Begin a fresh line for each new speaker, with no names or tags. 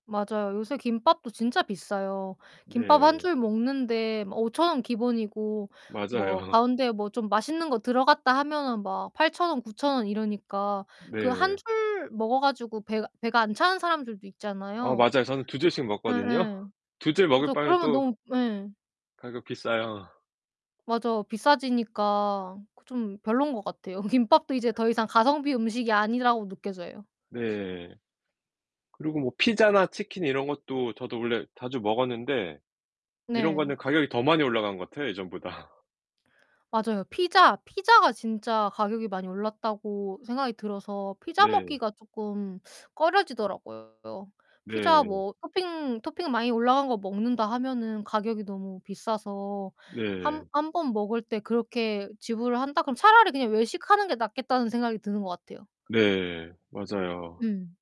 맞아요. 요새 김밥도 진짜 비싸요. 김밥 1
네.
줄 먹는데 뭐 5,000 원 기본이고 뭐
맞아요.
가운데 뭐 좀 맛있는 거 들어갔다 하면은 막 8,000 원, 9,000 원 이러니까 그 1
네.
줄 먹어 가지고 배가 배가 안 차는 사람들도
어
있잖아요.
맞아요. 저는 2 줄씩 먹거든요.
예예.
2 줄 먹을
맞아요.
바엔
그러면
또
너무 예.
가격 비싸요.
맞아. 비싸지니까 그 좀 별론 것 같아요. 김밥도 이제 더 이상 가성비 음식이 아니라고 느껴져요.
네. 그리고 뭐 피자나 치킨 이런 것도 저도 원래 자주 먹었는데 이런
네.
거는 가격이 더 많이 올라간 것 같아요 예전보다.
맞아요. 피자, 피자가 진짜 가격이 많이 올랐다고 생각이 들어서 피자
네.
먹기가 쪼끔 꺼려지더라고요. 피자
네.
뭐 토핑, 토핑 많이 올라간 거 먹는다 하면은 가격이 너무 비싸서 한
네.
한 번 먹을 때 그렇게 지불을 한다 그러면 차라리 그냥 외식하는 게 낫겠다는 생각이 드는 것 같아요.
네. 맞아요.
음.